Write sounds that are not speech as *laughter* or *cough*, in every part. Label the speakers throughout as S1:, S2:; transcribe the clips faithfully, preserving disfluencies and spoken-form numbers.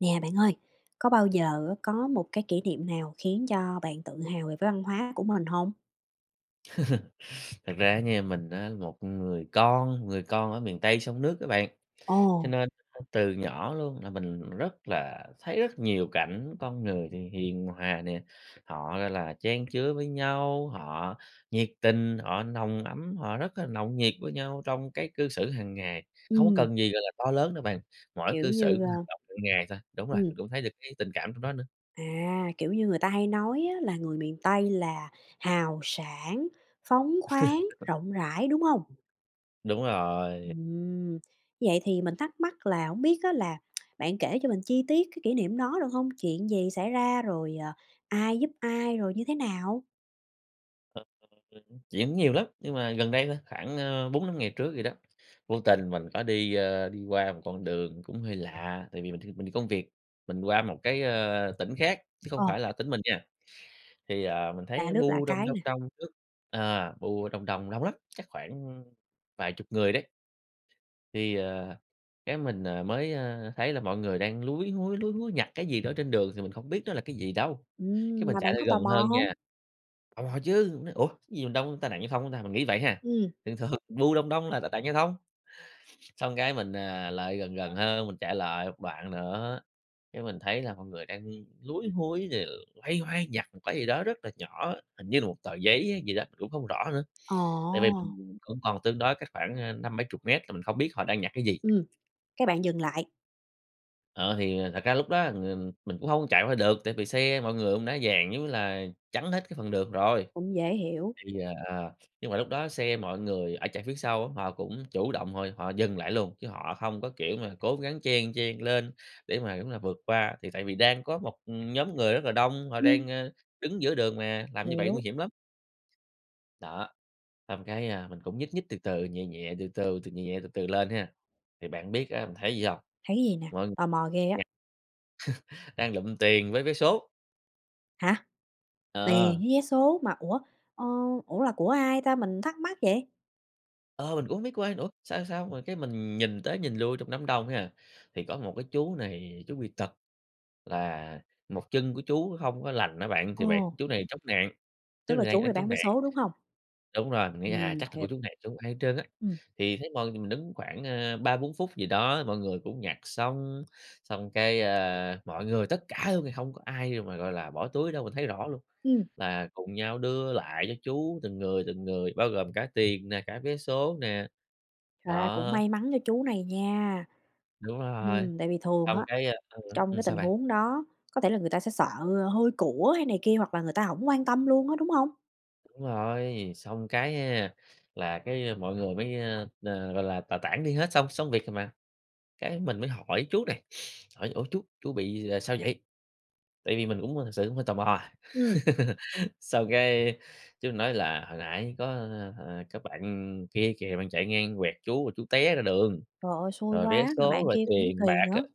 S1: Nè bạn ơi! Có bao giờ á có một cái kỷ niệm nào khiến cho bạn tự hào về văn hóa của mình hông?
S2: *chuckles* Thật ra á nha mình á một người con, người con ở miền Tây sông nước á bạn, cho
S1: Ồ!
S2: nên á, từ nhỏ luôn là mình rất là thấy rất nhiều cảnh con người thì hiền hòa nè, họ, gọi là chan chứa với nhau, họ nhiệt tình, họ nồng ấm, họ rất là nồng nhiệt với nhau trong cái cư xử hàng ngày, không có
S1: Ừm.
S2: cần gì, gọi là, to lớn nữa bạn, mỗi
S1: Kiểu
S2: cư xử,
S1: như,
S2: mỗi
S1: a
S2: hành độn g mỗi ngày thôi. Đúng rồi,
S1: Ừm.
S2: mình cũng thấy được cái tình cảm trong đó nữa.
S1: À, kiểu như, người ta hay nói á là người miền Tây là hào sảng, phóng khoáng, rộng rãi, đúng hông?
S2: *chuckles* Đúng rồi.
S1: Ừm. Như vậy thì mình thắc mắc là hổng biết á là *tsk* bạn kể cho mình chi tiết cái kỷ niệm đó được hông? Chuyện gì xảy ra rồi, ờ, ai giúp ai, rồi như thế nào?
S2: Ờ. *unintelligible* chuyện cũng nhiều lắm, nhưng mà gần đây thôi khoảng, ơ, bốn năm ngày trước gì đó, vô tình mình có đi, ơ, đi qua một con đường cũng hơi lạ, tại vì mình th mình đi công việc, mình qua một cái, ơ, tỉnh khác, chứ không
S1: Ờ.
S2: phải là tỉnh mình nha, thì, ờ, mình
S1: Lạ
S2: thấy
S1: nước lạ
S2: bu đông,
S1: cái
S2: đông,
S1: nè.
S2: đông trước à, bu đông đông, đông lắm, chắc khoảng, ưm, vài chục người đấy. Thì, ờ, cái mình, ờ, mới, ơ, thấy là mọi người đang lúi húi, lúi húi nhặt cái gì đó trên đường thì mình không biết nó là cái gì đâu, cái
S1: Ừm
S2: mình
S1: mà
S2: chạy
S1: bạn
S2: ra
S1: có
S2: gần
S1: tò mò
S2: hơn
S1: hông?
S2: nha. Tò mò chứ, mình nói: "Ủa, cái gì mà đông, tai nạn giao thông hả ta?" Mình nghĩ vậy ha,
S1: Ừm.
S2: thường thường bu đông đông là tai nạn giao thông. Xong cái mình, ờ, lại gần gần hơn, mình chạy lại một đoạn nữa, cái mình thấy là mọi người đang, ưm, lúi húi, đều loay hoay nhặt một cái gì đó rất là nhỏ, hình như là một tờ giấy hay gì đó, cũng không rõ nữa, tại vì
S1: Ồ!
S2: mình cũng còn tương đối cách khoảng, ơ, năm bảy chục mét là mình không biết họ đang nhặt cái gì.
S1: Ừm. Cái bạn dừng lại.
S2: Ờ, thì thật ra lúc đó là mình mình cũng hông chạy qua được, tại vì xe mọi người cũng đã dàn, giống như là, chắn hết cái phần đường rồi.
S1: Cũng dễ hiểu.
S2: Thì, ờ, ờ, nhưng mà lúc đó xe mọi người ở chạy phía sau á, họ cũng chủ động họ họ dừng lại luôn, chứ họ hông có, kiểu, mà cố gắng chen chen lên để mà, giống như là, vượt qua, thì tại vì đang có một, ừm, nhóm người rất là đông, họ đang,
S1: Ừm.
S2: ơ, đứng giữa đường mà, làm như vậy
S1: Hiểu.
S2: nguy hiểm lắm. Đó. Xong cái, a, mình cũng nhích nhích từ từ, nhẹ nhẹ, từ từ từ, nhẹ từ từ lên ha, thì bạn biết, a, mình thấy gì hông?
S1: Thấy cái gì nè?
S2: Mọi ng
S1: Tò mò ghê
S2: *unintelligible*
S1: á.
S2: *chuckles* đang lụm tiền với vé số.
S1: Hả? Tiền
S2: Ờ.
S1: với vé số mà, ủa, ơ, ủa, là của ai ta? Mình thắc mắc vậy.
S2: Ờ, mình cũng hổng biết của ai nữa, sao sao mà cái mình nhìn tới nhìn lui trong đám đông ấy, à, thì có một cái chú này chú bị tật, là một chân của chú hông có lành á bạn, thì bạn
S1: Ồ!
S2: chú này chống nạng, chú
S1: Tức là
S2: này đang
S1: chú này
S2: đang chống
S1: bán vé
S2: nạng.
S1: số, đúng hông?
S2: Đúng rồi, mình nghĩ, à,
S1: Ừm,
S2: chắc là của
S1: hiểu.
S2: chú này chứ hông ai hết trơn á,
S1: Ừm.
S2: thì thấy moi mình đứng khoảng, ơ, ba bốn phút gì đó, mọi người cũng nhặt xong, xong cái, ơ, mọi người tất cả luôn thì hông có ai mà, gọi là, bỏ túi đâu, mình thấy rõ luôn
S1: Ừm.
S2: là cùng nhau đưa lại cho chú từng người, từng người, bao gồm cả tiền nè, cả vé số nè.
S1: Trời ơi, cũng
S2: Đó.
S1: may mắn cho chú này nha,
S2: Đúng rồi.
S1: ừm, tại vì thường
S2: Xong
S1: á,
S2: cái, ơ
S1: trong
S2: ừm,
S1: cái
S2: sao
S1: tình
S2: bạn?
S1: huống đó, có thể là người ta sẽ sợ, ơ, hôi của, hay này kia, hoặc là người ta hổng quan tâm luôn á, đúng hông?
S2: Đúng rồi, xong cái nha, là cái, a, mọi người mới, a, ờ, gọi là, tà tản đi hết xong xong việc rồi mà. Cái mình mới hỏi chú này, *sniffs* hỏi: "Ủa, chú, chú bị là sao vậy?" Tại vì mình cũng là thực sự cũng hơi tò mò.
S1: Ừm.
S2: *laughs* Xong cái, chú nói là "Hồi nãy có, ơ, ờ, có bạn kia kìa bạn chạy ngang quẹt chú, rồi chú té ra đường,
S1: Trời ơi, xui
S2: rồi vé
S1: quá, mà
S2: số,
S1: bạn
S2: rồi
S1: kia cũng
S2: tiền
S1: kỳ
S2: bạc, ờ,
S1: nữa.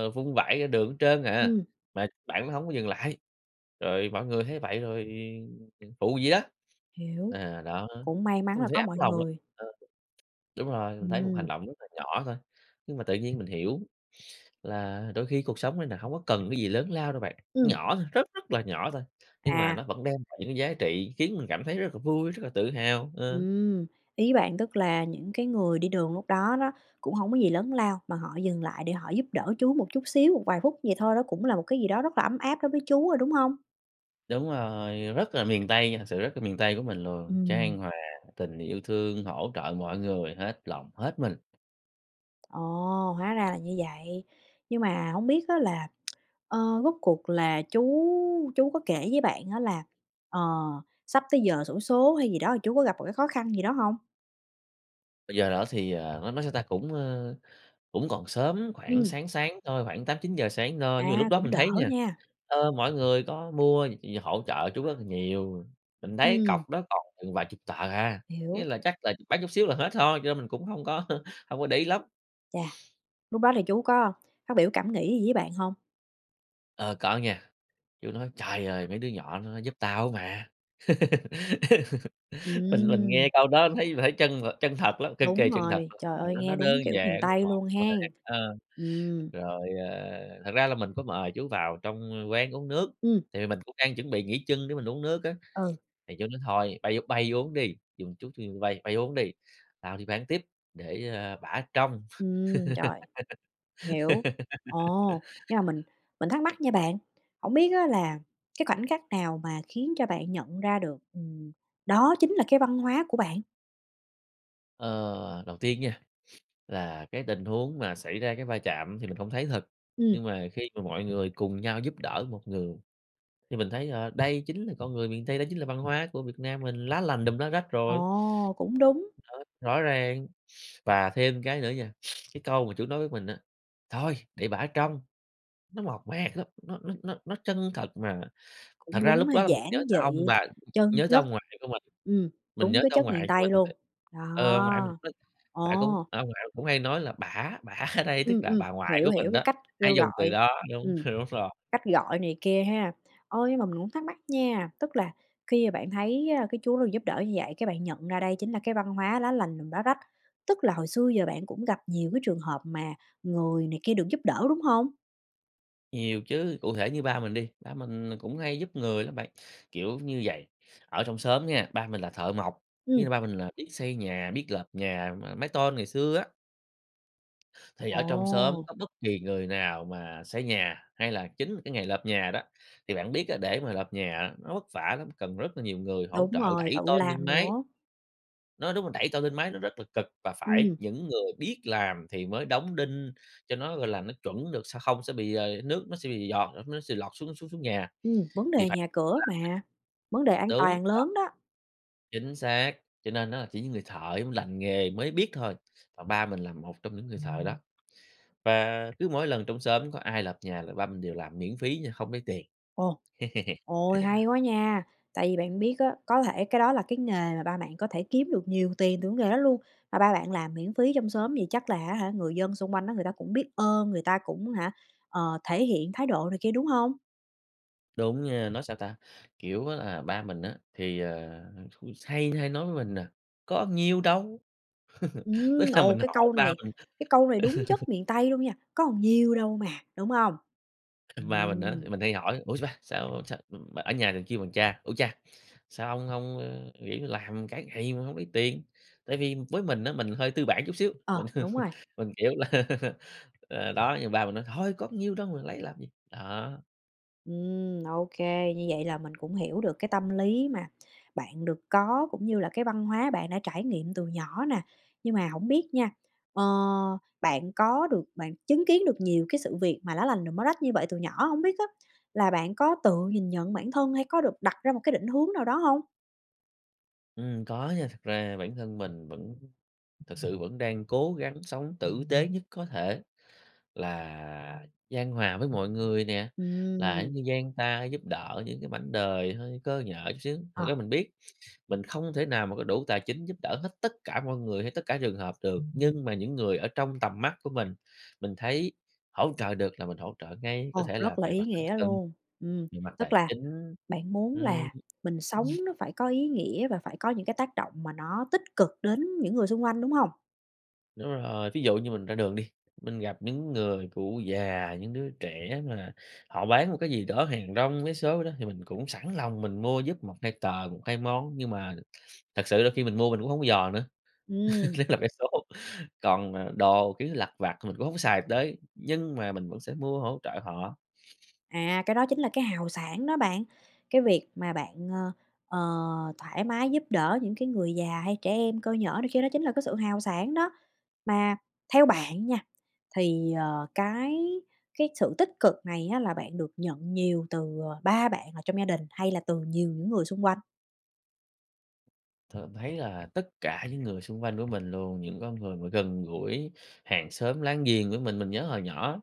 S2: ơ, vung vãi ra đường hết trên à,
S1: Ừm.
S2: mà bạn đó hổng có dừng lại, rồi mọi người thấy vậy rồi, ừm, ừm, phụ vậy đó."
S1: Hiểu,
S2: À, đó,
S1: cũng may mắn
S2: cái mình
S1: là
S2: thấy
S1: có
S2: ấm
S1: mọi
S2: lòng lắm.
S1: người.
S2: Ờ. Đúng rồi, mình thấy một hành
S1: Ừm.
S2: động rất là nhỏ thôi, nhưng mà tự nhiên mình hiểu là đôi khi cuộc sống này nè hổng có cần cái gì lớn lao đâu bạn,
S1: Ừm.
S2: nhỏ thôi, rất rất là nhỏ thôi, nhưng mà nó
S1: À.
S2: vẫn đem lại những cái giá trị khiến mình cảm thấy rất là vui, rất là tự hào, ờ.
S1: Ừm. Ý bạn tức là những cái người đi đường lúc đó đó, cũng hông có gì lớn lao mà họ dừng lại để họ giúp đỡ chú một chút xíu, một vài phút vậy thôi, đó cũng là một cái gì đó rất là ấm áp đối với chú rồi, đúng hông?
S2: Đúng rồi, rất là miền Tây nha, thật sự rất là miền Tây của mình luôn,
S1: Ừm.
S2: chan hòa tình yêu thương, hỗ trợ mọi người, hết lòng hết mình.
S1: Ồ, hóa ra là như vậy. Nhưng mà hổng biết á là, *smacks lips* ờ, rốt cuộc là chú chú có kể với bạn á là, ờ, sắp tới giờ xổ số hay gì đó, chú có gặp một cái khó khăn gì đó hông?
S2: Bây giờ đó thì, ờ, nó nó sao ta? Cũng, ờ, cũng còn sớm, khoảng
S1: Ừm.
S2: sáng sáng thôi, khoảng tám chín giờ sáng thôi. Nhưng mà lúc
S1: À,
S2: đó
S1: cũng
S2: mình
S1: đỡ
S2: thấy nha,
S1: nha.
S2: ờ, mỗi người có mua hỗ trợ chú rất là nhiều, mình thấy
S1: Ừm.
S2: cọc đó còn chừng vài chục tờ, à, nghĩa
S1: Hiểu.
S2: là chắc là bán chút xíu là hết thôi, cho nên mình cũng hông có hông có để ý lắm.
S1: Chà.
S2: *sniffs*
S1: Lúc đó thì chú có phát biểu cảm nghĩ gì với bạn hông?
S2: Ờ, có nha. Chú nói: "Trời ơi! Mấy đứa nhỏ nó giúp tao á mà." *laughs* Mình mình
S1: Ừm.
S2: nghe câu đó thấy mình thấy chân chân thật lắm. Cực kỳ
S1: Đúng
S2: chân thật
S1: rồi.
S2: luôn.
S1: Trời
S2: Ờ,
S1: ơi,
S2: đó, nó
S1: nghe đúng
S2: đơn
S1: kiểu miền
S2: giản,
S1: Tây
S2: mộc
S1: luôn
S2: mạc.
S1: hen.
S2: Ờ,
S1: Ừm.
S2: rồi, ờ, thật ra là mình có mời chú vào trong quán uống nước.
S1: Ừm.
S2: Tại vì mình cũng đang chuẩn bị nghỉ chân để mình uống nước á. *sniffs*
S1: Ừ.
S2: Thì chú nói: "Thôi, bay bay uống đi, dừng chút thì bay bay uống đi, tao đi bán tiếp, để, ơ, bả trông."
S1: Ừm, rồi, hiểu, ồ, nhưng mà mình
S2: *laughs*
S1: mình thắc mắc nha bạn, hổng biết á là, cái khoảnh khắc nào mà khiến cho bạn nhận ra được, ừm, đó chính là cái văn hóa của bạn?
S2: Ờ, đầu tiên nha, *sniffs* là cái tình huống mà xảy ra cái va chạm thì mình không thấy thật,
S1: Ừm.
S2: nhưng mà khi mà mọi người cùng nhau giúp đỡ một người, thì mình thấy là đây chính là con người miền Tây, đó chính là văn hóa của Việt Nam mình, lá lành đùm lá rách rồi.
S1: Ồ, cũng đúng.
S2: Ờ, rõ ràng, *sniffs* và thêm cái nữa nha, *sniffs* cái câu mà chú nói với mình á: "Thôi để bả ở trong", nó mộc mạc lắm, nó nó nó nó chân thật mà thật
S1: Cũng
S2: ra
S1: đúng
S2: lúc
S1: ha,
S2: đó là mình nhớ
S1: giản
S2: tới ông
S1: dị,
S2: bà
S1: chân
S2: nhớ tới
S1: chất.
S2: ông ngoại của mình,
S1: Ừm,
S2: mình nhớ
S1: đúng cái
S2: tới ông
S1: chất miền
S2: ngoại của
S1: Tây
S2: mình
S1: luôn.
S2: *unintelligible* ờ, ông ngoại mình
S1: Đó.
S2: *unintelligible* đã cũng
S1: Ồ!
S2: ờ, ông ngoại mình cũng hay nói là "bả", "bả" ở đây tức
S1: Ừm,
S2: là
S1: ừm,
S2: bà ngoại
S1: hiểu,
S2: của
S1: hiểu,
S2: mình
S1: cái
S2: đó,
S1: cách
S2: hay
S1: kêu
S2: dùng từ
S1: gọi.
S2: đó. Đúng,
S1: Ừm.
S2: đúng rồi.
S1: Cách gọi này kia ha. Ôi, nhưng mà mình cũng thắc mắc nha, tức là khi mà bạn thấy, a, cái chú được giúp đỡ như vậy, cái bạn nhận ra đây chính là cái văn hóa lá lành đùm lá rách, tức là hồi xưa giờ bạn cũng gặp nhiều cái trường hợp mà người này kia được giúp đỡ, đúng hông?
S2: Nhiều chứ, cụ thể như ba mình đi, ba mình là cũng hay giúp người lắm bạn, kiểu như vầy, ở trong xóm nha, ba mình là thợ mộc, ý
S1: Ừm.
S2: là ba mình là biết xây nhà, biết lợp nhà mà mái tôn ngày xưa á. Thì ở trong xóm
S1: Ồ.
S2: có bất kỳ người nào mà xây nhà, hay là chính là cái ngày lợp nhà đó, thì bạn biết á, để mà lợp nhà á, nó vất vả lắm, cần rất là nhiều người hỗ
S1: Đúng
S2: trợ
S1: rồi,
S2: đẩy
S1: tự
S2: tôn lên
S1: làm
S2: mái.
S1: nữa.
S2: Nói đúng là đẩy tôn lên mái nó rất là cực, và phải
S1: Ừm.
S2: những người biết làm thì mới đóng đinh cho nó, gọi là, nó chuẩn được, sẽ không sẽ bị, ờ, nước nó sẽ bị giọt nó sẽ lọt xuống xuống xuống nhà
S1: Ừm, vấn
S2: thì
S1: đề
S2: phải
S1: nhà cửa
S2: *unintelligible*
S1: mà, vấn đề an
S2: đúng.
S1: toàn
S2: *unintelligible*
S1: lớn đó.
S2: Chính xác, cho nên á chỉ những người thợ, giống như, lành nghề mới biết thôi, mà ba mình là một trong những người thợ đó. Và cứ mỗi lần trong xóm có ai lợp nhà là ba mình đều làm miễn phí nha, không lấy tiền.
S1: Ồ,
S2: *laughs*
S1: ôi, hay quá nha! Tại vì bạn biết á, có thể cái đó là cái nghề mà ba bạn có thể kiếm được nhiều tiền từ cái nghề đó luôn, mà ba bạn làm miễn phí trong xóm vậy chắc là á hả, người dân xung quanh á người ta cũng biết ơn, người ta cũng hả, ờ, thể hiện thái độ này kia, đúng hông?
S2: Đúng nha, nói sao ta? Kiểu á, à, ba mình á thì, ờ, cũng hay hay nói với mình nà, "Có nhiêu đâu!" *laughs* Tức
S1: Ừm,
S2: là
S1: ồ,
S2: mình
S1: cái
S2: hỏi
S1: câu
S2: ba
S1: này
S2: mình
S1: cái câu này đúng
S2: *laughs*
S1: chất miền Tây luôn nha, "Có nhiêu đâu mà!", đúng hông?
S2: Ba mình á,
S1: Ừm.
S2: mình hay hỏi, "Ủa sao ba? Sao sao" ở nhà thì kêu bằng cha, "Ủa cha, sao hông hông nghỉ làm cả ngày mà hông lấy tiền?" Tại vì với mình á, mình hơi tư bản chút xíu, mình
S1: Ờ, đúng rồi.
S2: *laughs* mình, kiểu, là *laughs* ờ, đó nhưng ba mình nói "Thôi, có bao nhiêu đâu, mình lấy làm gì." đó.
S1: Ừm, ô kê! Như vậy là mình cũng hiểu được cái tâm lý mà bạn được có, cũng như là cái văn hóa bạn đã trải nghiệm từ nhỏ nè. Nhưng mà hổng biết nha, ờ, bạn có được bạn chứng kiến được nhiều cái sự việc mà lá lành đùm lá rách như vậy từ nhỏ, hổng biết á là bạn có tự nhìn nhận bản thân hay có được đặt ra một cái định hướng nào đó hông?
S2: Ừm, có nha. Thật ra bản thân mình vẫn thực sự vẫn đang cố gắng sống tử tế nhất có thể, là chan hòa với mọi người nè, là,
S1: Ừm.
S2: giống như, dang ta giúp đỡ những cái mảnh đời hơi cơ nhỡ chút xíu. Thực
S1: Ờ.
S2: ra mình biết, mình không thể nào mà có đủ tài chính giúp đỡ hết tất cả mọi người, hay tất cả trường hợp được, nhưng mà những người ở trong tầm mắt của mình, mình thấy hỗ trợ được là mình hỗ trợ ngay, có
S1: Ồ!
S2: thể là
S1: Rất là
S2: về
S1: ý
S2: mặt tinh
S1: nghĩa
S2: thần,
S1: luôn. Ừm.
S2: về mặt
S1: Tức
S2: tài
S1: là
S2: chính.
S1: bạn muốn
S2: Ừm.
S1: là mình sống nó phải có ý nghĩa và phải có những cái tác động mà nó tích cực đến những người xung quanh, đúng hông?
S2: Đúng rồi, ví dụ như mình ra đường đi, mình gặp những người cụ già, những đứa trẻ mà họ bán một cái gì đó hàng rong, vé số đó thì mình cũng sẵn lòng mình mua giúp một hai tờ, một hai món, nhưng mà thật sự đôi khi mình mua mình cũng hổng dò nữa, *laughs*
S1: Ừm.
S2: nhứt là vé số. Còn, à, đồ, kiểu như, lặt vặt mình cũng hổng xài tới, nhưng mà mình vẫn sẽ mua hỗ trợ họ.
S1: À, cái đó chính là cái hào sảng đó bạn! Cái việc mà bạn, a, ờ, thoải mái giúp đỡ những cái người già, hay trẻ em cơ nhỡ này kia đó chính là cái sự hào sảng đó. Mà theo bạn nha, thì, ờ, cái cái sự tích cực này á là bạn được nhận nhiều từ, ờ, ba bạn ở trong gia đình, hay là từ nhiều những người xung quanh?
S2: thượm thấy là tất cả những người xung quanh của mình luôn, những con người mà gần gũi hàng xóm láng giềng với mình, mình nhớ hồi nhỏ.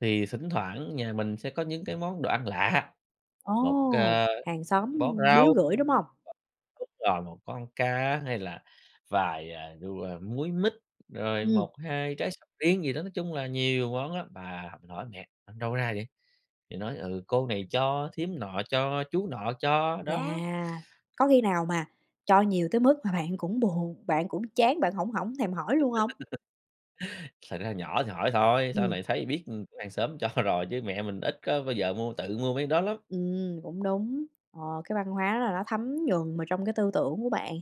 S2: Thì thỉnh thoảng nhà mình sẽ có những cái món đồ ăn lạ, một,
S1: Ồ.
S2: ờ,
S1: Hàng xóm
S2: bó
S1: biếu
S2: rau,
S1: gửi, đúng hông?
S2: đúng rồi một con cá, hay là vài, ờ, đu, à múi mít, rồi
S1: Ừm.
S2: một hai trái sầu riêng gì đó, nói chung là nhiều món lắm. Và mình hỏi mẹ: "Ở đâu ra vậy?", thì nói: "Ừ, cô này cho, thím nọ cho, chú nọ cho."
S1: Chà,
S2: đó.
S1: có khi nào mà cho nhiều tới mức mà bạn cũng buồn bạn cũng chán, bạn hổng hổng thèm hỏi luôn hông?
S2: *laughs* Thật ra nhỏ thì hỏi thôi, sau
S1: Ừm.
S2: này thấy biết, ừm, kiểu, hàng xóm cho rồi chứ mẹ mình ít có bao giờ mua tự mua mấy cái đó lắm.
S1: Ừm, cũng đúng, ờ, cái văn hóa là nó thấm nhuần mà trong cái tư tưởng của bạn.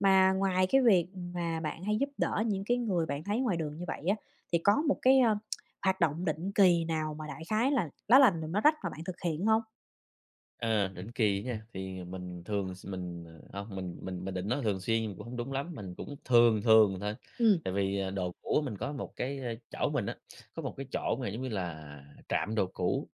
S1: Mà ngoài cái việc mà bạn hay giúp đỡ những cái người bạn thấy ngoài đường như vậy á, thì có một cái, a, *tsk* hoạt động định kỳ nào mà, đại khái là lá lành đùm lá rách mà bạn thực hiện hông?
S2: Ờ, định kỳ á nha, thì mình thường s mình, ờ, hông mình mình mình định nói thường xuyên cũng hông đúng lắm, mình cũng thường thường thôi.
S1: Ừm.
S2: Tại vì, à, đồ cũ mình có một cái, a chỗ mình á, có một cái chỗ mà giống như là trạm đồ cũ,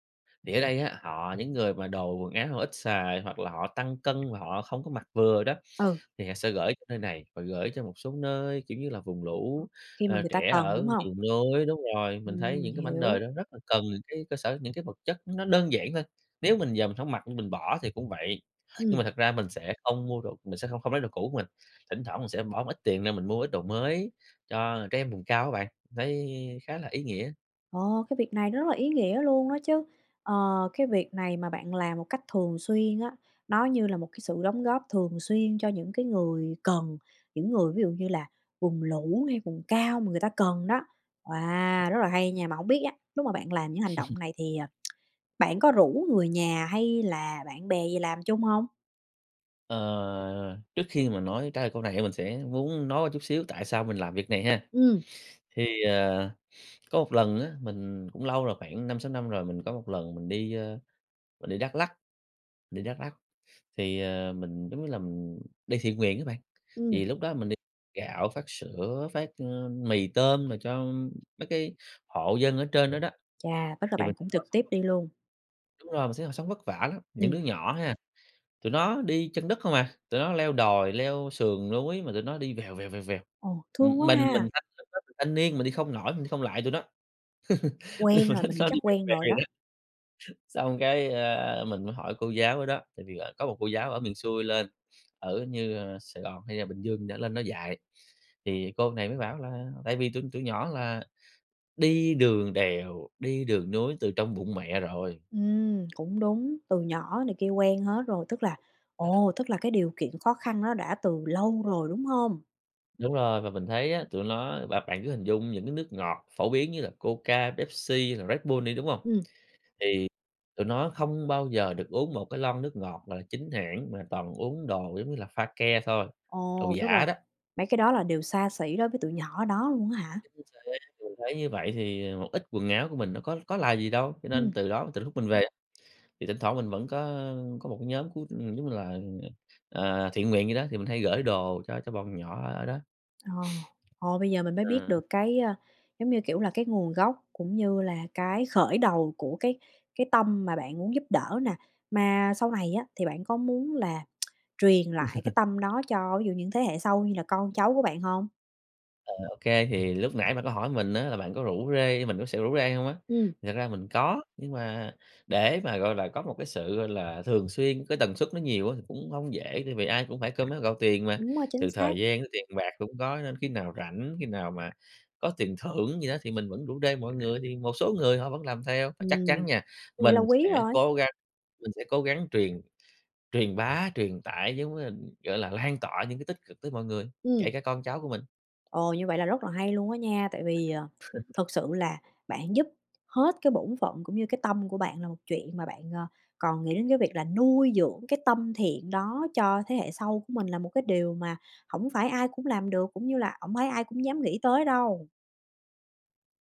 S2: thì ở đây á họ những người mà đồ quần áo họ ít xài hoặc là họ tăng cân và họ không có mặc vừa đó,
S1: Ừ.
S2: thì họ sẽ gửi cho nơi này và gửi cho một số nơi, kiểu, như là vùng lũ,
S1: Khi mà
S2: ờ,
S1: người ta
S2: trẻ
S1: cần,
S2: ở
S1: đúng hông?
S2: miền núi. Đúng rồi, mình thấy
S1: Ừm,
S2: những cái mảnh đời
S1: hiểu.
S2: đó rất là cần những cái cơ sở những cái vật chất nó đơn giản thôi, nếu mình giờ mình hổng mặc, mình bỏ thì cũng vậy. Nhưng
S1: Ừm.
S2: mà thật ra mình sẽ không mua đồ mình sẽ không không lấy đồ cũ của mình, thỉnh thoảng mình sẽ bỏ một ít tiền ra mình mua ít đồ mới cho trẻ em vùng cao á bạn, mình thấy khá là ý nghĩa.
S1: Ờ, cái việc này nó rất là ý nghĩa luôn đó chứ. Ờ, cái việc này mà bạn làm một cách thường xuyên á, nó như là một cái sự đóng góp thường xuyên cho những cái người cần, những người ví dụ như là vùng lũ, hay vùng cao mà người ta cần đó, à, rất là hay nha. Mà hông biết á, lúc mà bạn làm những hành
S2: *laughs*
S1: động này thì, à, *tsk* bạn có rủ người nhà hay là bạn bè gì làm chung hông?
S2: Ờ, trước khi mà nói trả lời câu này á, mình sẽ muốn nói qua chút xíu tại sao mình làm việc này ha.
S1: Ừm.
S2: Thì, ờ, *sniffs* có một lần á, mình cũng lâu rồi, khoảng năm sáu năm rồi, mình có một lần mình đi, ờ, mình đi Đắk Lắk đi Đắk Lắk, thì, ờ, mình, giống như là mình đi thiện nguyện á bạn.
S1: Ừm.
S2: Thì lúc đó mình đ gạo, phát sữa, phát, ơ, mì tôm mà cho mấy cái hộ dân ở trên đó đó,
S1: Chà, tức là
S2: thì mình
S1: bạn cũng
S2: họ
S1: trực
S2: sống
S1: tiếp
S2: cực lắm.
S1: đi luôn.
S2: Đúng rồi, mình thấy họ sống vất vả lắm, những
S1: Ừm.
S2: đứa nhỏ ha, tụi nó đi chân đất không à, tụi nó leo đồi, leo sườn núi mà tụi nó đi vèo, vèo, vèo, vèo,
S1: Ồ, thương quá
S2: mình mình
S1: ha!
S2: thanh *unintelligible* thanh niên mình đi không nổi, mình đi không lại tụi nó. *laughs* Nhưng
S1: Quen
S2: mà
S1: rồi,
S2: nó
S1: mình nghĩ
S2: nó
S1: chắc
S2: đi veo
S1: quen
S2: veo
S1: rồi đó.
S2: vậy đó. Xong cái, ờ, mình mới hỏi cô giáo ở đó, tại vì, ờ, có một cô giáo ở miền xuôi lên, ở như Sài Gòn hay là Bình Dương gì đó lên đó dạy, thì cô này mới bảo là tại vì tụi tụi nhỏ là đi đường đèo, đi đường núi từ trong bụng mẹ rồi.
S1: Ừm, cũng đúng, từ nhỏ này kia quen hết rồi, tức là ồ, tức là cái điều kiện khó khăn nó đã từ lâu rồi, đúng hông?
S2: Đúng rồi, và mình thấy á, tụi nó bạn bạn cứ hình dung những cái nước ngọt phổ biến như là Coca, Pepsi, hay là Redbull đi, đúng không?
S1: Ừm.
S2: Thì tụi nó không bao giờ được uống một cái lon nước ngọt, gọi là, chính hãng mà toàn uống đồ giống như là pha ke thôi, đồ
S1: Ồ, tức là
S2: giả đó.
S1: mấy cái đó là đều xa xỉ đối với tụi nhỏ đó luôn á hả?
S2: Chính thế, mình thấy như vậy thì một ít quần áo của mình nó có có là gì đâu. Cho nên
S1: Ừm.
S2: từ đó từ lúc mình về, thì thỉnh thoảng mình vẫn có có một cái nhóm, cứu giống như là, ừ, ờ, ờ, thiện nguyện vậy đó, thì mình hay gửi đồ cho cho bọn nhỏ ở đó. *sniffs*
S1: Ồ, ờ, bây giờ mình mới biết
S2: Ừ.
S1: được cái, ơ, giống như, kiểu, là cái nguồn gốc cũng như là cái khởi đầu của cái cái tâm mà bạn muốn giúp đỡ nè. Mà sau này á thì bạn có muốn là *tsk* truyền lại cái
S2: *laughs*
S1: tâm đó cho ví dụ như những thế hệ sau như là con cháu của bạn hông?
S2: Ờ, ô kê, thì lúc nãy bạn có hỏi mình á là bạn có rủ rê mình có sợ rủ rê hông á?
S1: Ừm.
S2: Thật ra mình có, nhưng mà để mà, gọi là, có một cái sự, gọi là, thường xuyên, cái tần suất nó nhiều á thì cũng hông dễ vì ai cũng phải cơm nước gạo tiền mà,
S1: Đúng rồi, chính
S2: từ thời
S1: xác.
S2: gian đến tiền bạc cũng có nên khi nào rảnh, khi nào mà có tiền thưởng gì đó thì mình vẫn rủ rê mọi người thì một số người họ vẫn làm theo. Và chắc chắn
S1: Ừm,
S2: nha,
S1: có nghĩa là
S2: mình
S1: quý
S2: sẽ
S1: rồi.
S2: cố gắng mình sẽ cố gắng truyền truyền bá, truyền tải giống như là, kiểu là, lan tỏa những cái tích cực tới mọi người,
S1: Ừm.
S2: kể cả con cháu của mình.
S1: Ồ, như vậy là rất là hay luôn á nha, tại vì, ờ,
S2: *chuckles*
S1: thật sự là bạn giúp hết cái bổn phận, cũng như cái tâm của bạn là một chuyện mà bạn, ờ, còn nghĩ đến cái việc là nuôi dưỡng cái tâm thiện đó cho thế hệ sau của mình là một cái điều mà hổng phải ai cũng làm được, cũng như là hổng phải ai cũng dám nghĩ tới đâu.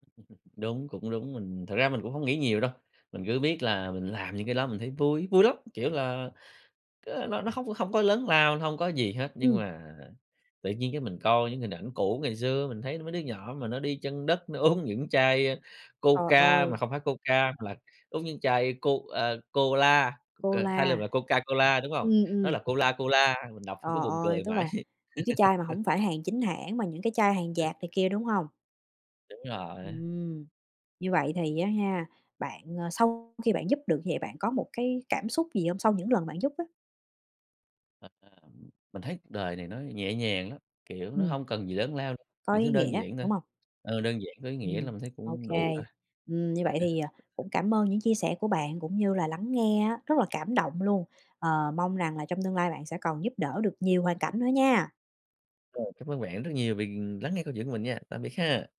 S2: *chuckles* Đúng, cũng đúng, mình thật ra mình cũng hông nghĩ nhiều đâu, mình cứ biết là mình làm những cái đó mình thấy vui, vui lắm, kiểu là, ơ, nó nó hông nó không có lớn lao, hông có gì hết, nhưng
S1: Ừm.
S2: mà tự nhiên cái mình coi những hình ảnh cũ ngày xưa, mình thấy mấy đứa nhỏ mà nó đi chân đất nó uống những chai, ơ,
S1: Trời
S2: Coca, mà
S1: ơi!
S2: không phải Coca mà là uống những chai Co, ờ, Cola, ờ, thay là
S1: Cola.
S2: vì Coca Cola, đúng không?
S1: Ừm,
S2: Nó
S1: ừm.
S2: là Cola Cola, mình đọc mình cứ
S1: Ờ,
S2: buồn
S1: ơi,
S2: cười
S1: tức là
S2: mãi.
S1: những cái chai mà hổng phải hàng chính
S2: *laughs*
S1: hãng mà những cái chai hàng dạt này kia, đúng hông?
S2: Đúng rồi.
S1: Ừm. Như vậy thì á ha, bạn, à, sau khi bạn giúp được như vậy, bạn có một cái cảm xúc gì hông, sau những lần bạn giúp á?
S2: Thật ra mình thấy cuộc đời này nó nhẹ nhàng lắm, kiểu, nó
S1: Ừm.
S2: hông cần gì lớn lao,
S1: Có
S2: những thứ
S1: ý
S2: đơn
S1: nghĩa,
S2: giản thôi,
S1: đúng hông?
S2: ờ, đơn giản có ý nghĩa
S1: Ừm.
S2: là mình thấy
S1: Ô
S2: cũng đủ
S1: kê.
S2: rồi.
S1: Ừm, như vậy thì, à,
S2: *chuckles*
S1: cũng cảm ơn những chia sẻ của bạn, cũng như là lắng nghe á, rất là cảm động luôn, ờ, mong rằng là trong tương lai bạn sẽ còn giúp đỡ được nhiều hoàn cảnh nữa nha!
S2: Rồi, cảm ơn bạn rất nhiều vì lắng nghe câu chuyện của mình nha. Tạm biệt ha!